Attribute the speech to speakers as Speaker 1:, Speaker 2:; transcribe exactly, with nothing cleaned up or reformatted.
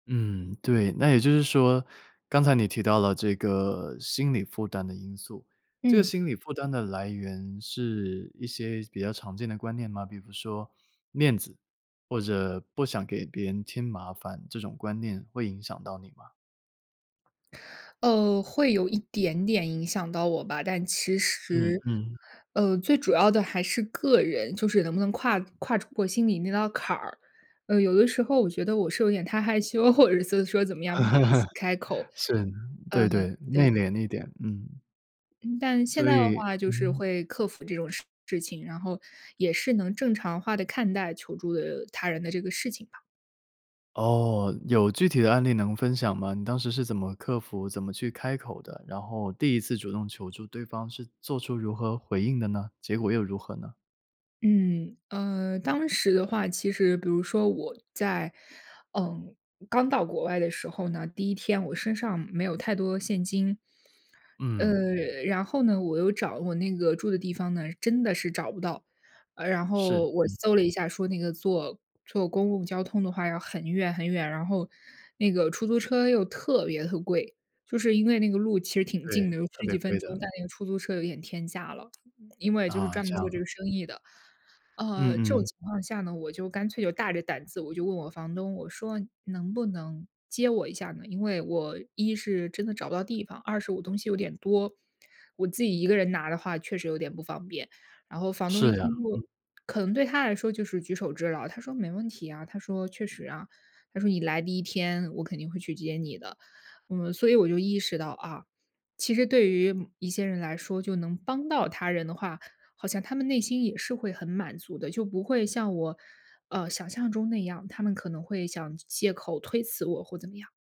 Speaker 1: 嗯，对，那也就是说，刚才你提到了这个心理负担的因素。这
Speaker 2: 嗯。
Speaker 1: 心理负担的来源是一些比较常见的观念吗？比服说面子，或者不想给别人添麻烦，这种观念会影响到你吗？
Speaker 2: 呃，会有一点点影响到我吧，但其
Speaker 1: 嗯
Speaker 2: 实，
Speaker 1: 嗯。
Speaker 2: 呃，最主要的还是个人，就是能不能跨跨出过心里那道坎儿。呃，有的时候我觉得我是有点太害羞，或者是做是说怎么样，不好意思开口，
Speaker 1: 是，
Speaker 2: 嗯，
Speaker 1: 对对，
Speaker 2: 对。
Speaker 1: 内敛一点，嗯。
Speaker 2: 嗯，但现
Speaker 1: 所
Speaker 2: 在的
Speaker 1: 以
Speaker 2: 话就是
Speaker 1: 嗯。
Speaker 2: 会克服这种事情，然后也是能正常化地看待求助，呃，他人的这个事情吧。
Speaker 1: 哦，有具体的案例能分享吗？你当时是怎么克服，怎么去开口的，然后第一次主动求助对方是做出如何回应的呢？结果又如何呢？
Speaker 2: 嗯。呃，当时的话，其实比如说我在，嗯，刚到国外的时候呢，第一天我身上没有太多现金。
Speaker 1: 嗯。
Speaker 2: 呃，然后呢，我又找我那个住的地方呢，真的是找不到。呃，然
Speaker 1: 是，
Speaker 2: 后我
Speaker 1: 嗯。
Speaker 2: 搜了一下，说那个坐坐公共交通的话要很远很远，然后那个出租车又特别地贵。就是因为那个路其实挺近
Speaker 1: 对，
Speaker 2: 的，有
Speaker 1: 特
Speaker 2: 十
Speaker 1: 别
Speaker 2: 几分
Speaker 1: 贵
Speaker 2: 钟，
Speaker 1: 的。
Speaker 2: 但那个出租车有一点天价了，因为就是
Speaker 1: 啊，
Speaker 2: 专
Speaker 1: 这
Speaker 2: 门做这
Speaker 1: 样。
Speaker 2: 个生意的。
Speaker 1: 嗯
Speaker 2: 呃，这种
Speaker 1: 嗯。
Speaker 2: 情况下呢，我就干脆就大着胆子，我就问我房东，我说：“能不能接我一下呢？因为我一是真的找不到地方，二是我东西有点多，我自己一个人拿的话确实有点不方便。”然后房东一
Speaker 1: 是呀，
Speaker 2: 听
Speaker 1: 嗯。
Speaker 2: 就可能对他来说就是举手之劳，他说：“没问题啊。”他说：“确实啊。”他说：”你来第一天，我肯定会去接你的。”嗯，所以我就意识到，啊，其实对于一些人来说，就能帮到他人的话，好像他们内心也是会很满足的。就不会像我，呃，想象中那样，他们可能会想借口推辞我或怎么样。